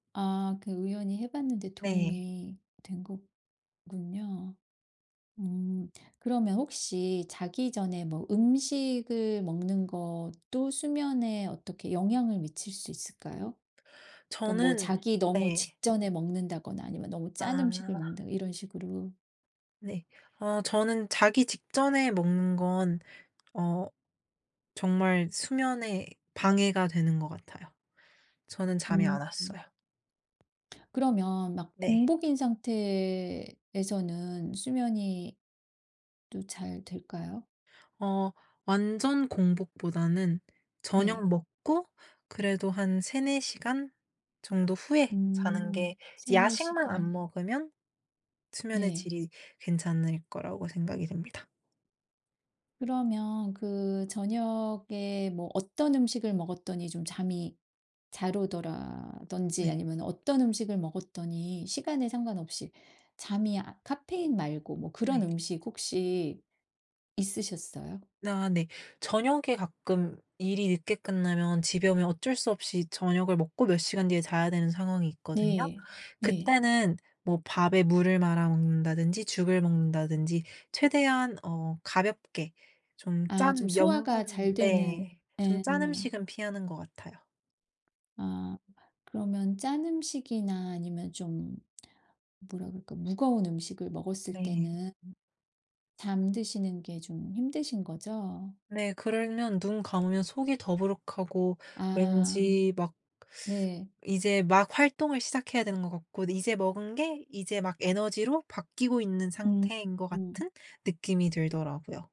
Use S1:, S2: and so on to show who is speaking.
S1: 아 그 우연히 해 봤는데
S2: 네.
S1: 도움이 된 거군요. 음 그러면 혹시 자기 전에 뭐 음식을 먹는 것도 수면에 어떻게 영향을 미칠 수 있을까요? 그러니까 뭐
S2: 저는
S1: 자기 너무
S2: 네.
S1: 직전에 먹는다거나 아니면 너무 짠 음식을
S2: 아.
S1: 먹는다거나 이런 식으로.
S2: 네. 어 저는 자기 직전에 먹는 건 어 정말 수면에 방해가 되는 것 같아요. 저는 잠이
S1: 음음.
S2: 안 왔어요.
S1: 그러면 막
S2: 네.
S1: 공복인 상태에서는 수면이 또 잘 될까요?
S2: 어 완전 공복보다는
S1: 네.
S2: 저녁 먹고 그래도 한 3-4 시간 정도 후에 자는
S1: 음.
S2: 게 이제
S1: 3-4
S2: 야식만 안
S1: 시간.
S2: 먹으면 수면의
S1: 네.
S2: 질이 괜찮을 거라고 생각이 됩니다.
S1: 그러면 그 저녁에 뭐 어떤 음식을 먹었더니 좀 잠이 잘 오더라든지
S2: 네.
S1: 아니면 어떤 음식을 먹었더니 시간에 상관없이 잠이 아 카페인 말고 뭐 그런
S2: 네.
S1: 음식 혹시 있으셨어요?
S2: 아 네. 저녁에 가끔 일이 늦게 끝나면 집에 오면 어쩔 수 없이 저녁을 먹고 몇 시간 뒤에 자야 되는 상황이 있거든요.
S1: 네. 네.
S2: 그때는 뭐 밥에 물을 말아 먹는다든지 죽을 먹는다든지 최대한 어 가볍게 좀
S1: 아 좀
S2: 짠
S1: 소화가 잘
S2: 염분
S1: 되는
S2: 네 좀
S1: 예.
S2: 짠 음식은 피하는 것 같아요.
S1: 아 그러면 짠 음식이나 아니면 좀 뭐라 그럴까? 무거운 음식을 먹었을
S2: 네.
S1: 때는 잠드시는 게 좀 힘드신 거죠?
S2: 네 그러면 눈 감으면 속이 더부룩하고
S1: 아.
S2: 왠지 막
S1: 네.
S2: 이제 막 활동을 시작해야 되는 것 같고 이제 먹은 게 이제 막 에너지로 바뀌고 있는
S1: 음
S2: 상태인 것
S1: 음.
S2: 같은 느낌이 들더라요.